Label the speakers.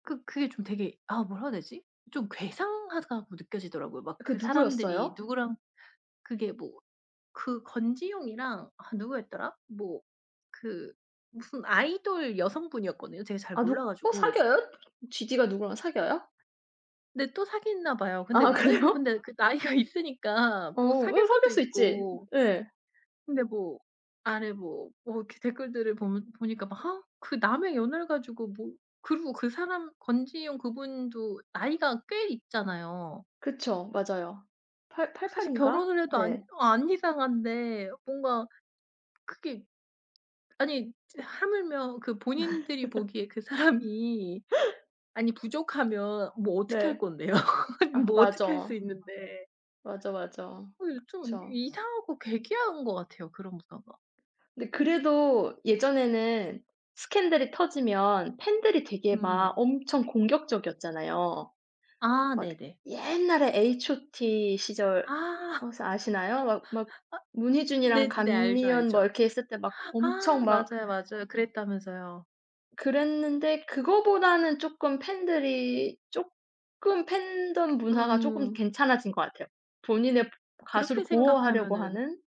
Speaker 1: 그 그게 좀 되게 아 뭐라고 해야 되지? 좀 괴상하다고 느껴지더라고요. 막
Speaker 2: 그
Speaker 1: 그 사람들이
Speaker 2: 누구였어요?
Speaker 1: 누구랑 그게 뭐 그 권지용이랑 아 누구였더라? 뭐 그 무슨 아이돌 여성분이었거든요. 제가 잘
Speaker 2: 아
Speaker 1: 몰라
Speaker 2: 누구
Speaker 1: 가지고
Speaker 2: 사귀어요? 지디가 누구랑 사귀어요?
Speaker 1: 근데 또 사귀나 봐요. 근데
Speaker 2: 아
Speaker 1: 예 뭐
Speaker 2: 그래요?
Speaker 1: 근데 그 나이가 있으니까
Speaker 2: 어
Speaker 1: 뭐 사귈
Speaker 2: 왜
Speaker 1: 수도
Speaker 2: 사귈 수 있지.
Speaker 1: 있고.
Speaker 2: 예.
Speaker 1: 근데 뭐 아래 뭐 뭐 이렇게 댓글들을 보면 보니까 막 아 그 남의 연애를 가지고 뭐. 그리고 그 사람 권지용 그분도 나이가 꽤 있잖아요.
Speaker 2: 그쵸. 맞아요. 8 88
Speaker 1: 사실
Speaker 2: 인가?
Speaker 1: 결혼을 해도 안
Speaker 2: 네.
Speaker 1: 안 이상한데 뭔가 크게 아니 저 하물며 그 본인들이 보기에 그 사람이 아니 부족하면 뭐 어떻게 할
Speaker 2: 네.
Speaker 1: 건데요?
Speaker 2: 아
Speaker 1: 뭐 어떻게 할 수
Speaker 2: 맞어.
Speaker 1: 있는데.
Speaker 2: 맞어, 맞어
Speaker 1: 어유 좀
Speaker 2: 그렇죠.
Speaker 1: 이상하고 괴괴한 것 같아요 그런 문화가.
Speaker 2: 근데 그래도 예전에는 스캔들이 터지면 팬들이 되게
Speaker 1: 음. 네.
Speaker 2: 막 엄청 공격적이었잖아요.
Speaker 1: 아.
Speaker 2: 막
Speaker 1: 네네.
Speaker 2: 옛날에 H.O.T.
Speaker 1: 아.
Speaker 2: 시절
Speaker 1: 아.
Speaker 2: 혹시 아시나요? 막 막 문희준이랑
Speaker 1: 네네네. 알죠,
Speaker 2: 간미연 뭐
Speaker 1: 알죠.
Speaker 2: 이렇게 했을 때 막 엄청
Speaker 1: 아
Speaker 2: 막
Speaker 1: 맞아요, 맞아요. 그랬다면서요.
Speaker 2: 그랬는데 그거보다는 쪼끔 팬들이 쪼끔 팬덤 문화가 쪼금
Speaker 1: 음.
Speaker 2: 괜찮아진 것 같아요. 본인의
Speaker 1: 그렇게
Speaker 2: 가수를 보호하려고
Speaker 1: 생각하면은
Speaker 2: 하는